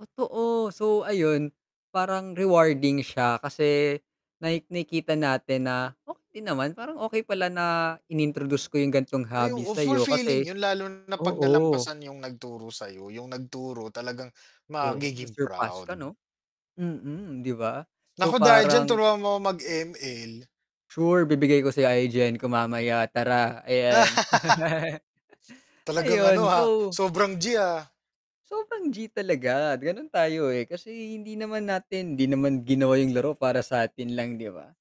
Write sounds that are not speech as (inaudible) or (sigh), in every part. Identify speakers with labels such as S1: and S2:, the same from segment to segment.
S1: Totoo. So, ayun parang rewarding siya kasi naik nakikita natin na okey naman, parang okey pala na in-introduce ko yung ganong
S2: Ay
S1: hobby
S2: oo,
S1: sa'yo
S2: fulfilling
S1: kasi
S2: yun lalo na 'pag
S1: oo.
S2: nalampasan yung nagturo sa'yo, yung nagturo talagang
S1: Oo,
S2: magiging
S1: na-surpass
S2: proud.
S1: ka 'no, mm, 'di ba? So
S2: Naku dahil diyan
S1: parang
S2: turuan mo ko mag-ML.
S1: Sure ibibigay ko sa'yo IGN ko mamaya tara, ayan.
S2: (laughs)
S1: (laughs)
S2: Talagang ano,
S1: Ayun,
S2: ah,
S1: so
S2: sobrang G, ah.
S1: Sobrang G talaga, ganun tayo eh, kasi hindi naman natin hindi naman ginawa yung laro para sa atin lang, 'di ba?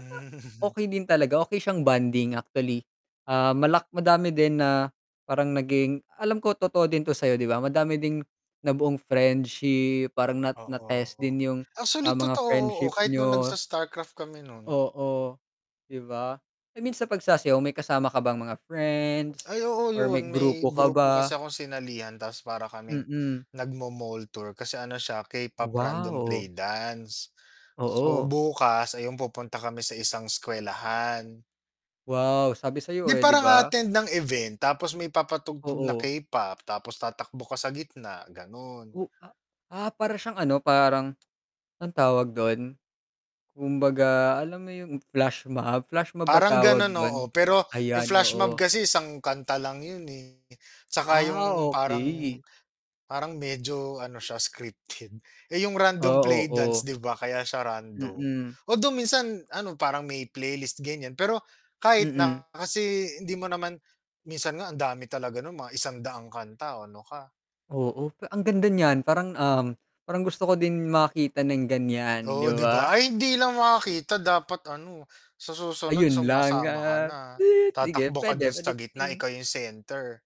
S1: Tsaka, okey din talaga, okey siyang bonding actually. Ah, malak madami din na parang naging alam ko totoo din to sa'yo 'di ba madami din nabuong friendship, parang na na test
S2: Oo.
S1: din yung,
S2: Actually
S1: ah, mga
S2: totoo, oo
S1: friendship
S2: kahit nung
S1: niyo.
S2: nag-sa-Starcraft kami nun.
S1: Oo, 'di ba? I mean sa pagsasayaw may kasama ka bang mga friends
S2: Ay oo
S1: or may
S2: yun,
S1: grupo
S2: may
S1: ka
S2: grupo
S1: ba?
S2: kasi akong sinalihan tapos para kaming,
S1: Mm.
S2: nagma-mall tour, kasi ano siya K-pop random
S1: Wow.
S2: play dance. So
S1: Oo.
S2: bukas, ayun yung pupunta kami sa isang eskuwelahan.
S1: Wow, sabi sa'yo
S2: Di
S1: eh 'di
S2: parang
S1: ba.
S2: a-attend ng event tapos may papatugtog na
S1: Oo.
S2: K-pop tapos tatakbo ka sa gitna, ganon.
S1: O a ah, para siyang ano parang, ang tawag dun, kumbaga alam mo yung flashmob, flashmob ba
S2: Parang
S1: tawag
S2: ganun,
S1: don?
S2: oo pero, yung
S1: Ayan,
S2: flashmob
S1: oo.
S2: kasi isang kanta lang yun eh, tsaka
S1: Ah,
S2: yung parang
S1: okey.
S2: parang medyo ano, siya scripted. Eh, yung random
S1: Oo,
S2: play dance
S1: oh.
S2: 'di ba, kaya siya random,
S1: Mm.
S2: although minsan ano parang may playlist ganyan pero kahit
S1: Mm.
S2: na kasi hindi mo naman minsan nga ang dami talaga no'n mga 100 kanta o ano ka.
S1: Oo, ang ganda niyan parang, um, parang gusto ko din makita ng ganyan, 'di
S2: Oo 'di
S1: ba?
S2: ba ay hindi lang makakita dapat ano, sa susunod
S1: Ayun lang,
S2: sumasama ka
S1: ah,
S2: na,
S1: sige
S2: tatakbo ka
S1: pwede,
S2: dun sa
S1: pwede
S2: gitna
S1: nating
S2: ikaw yung center.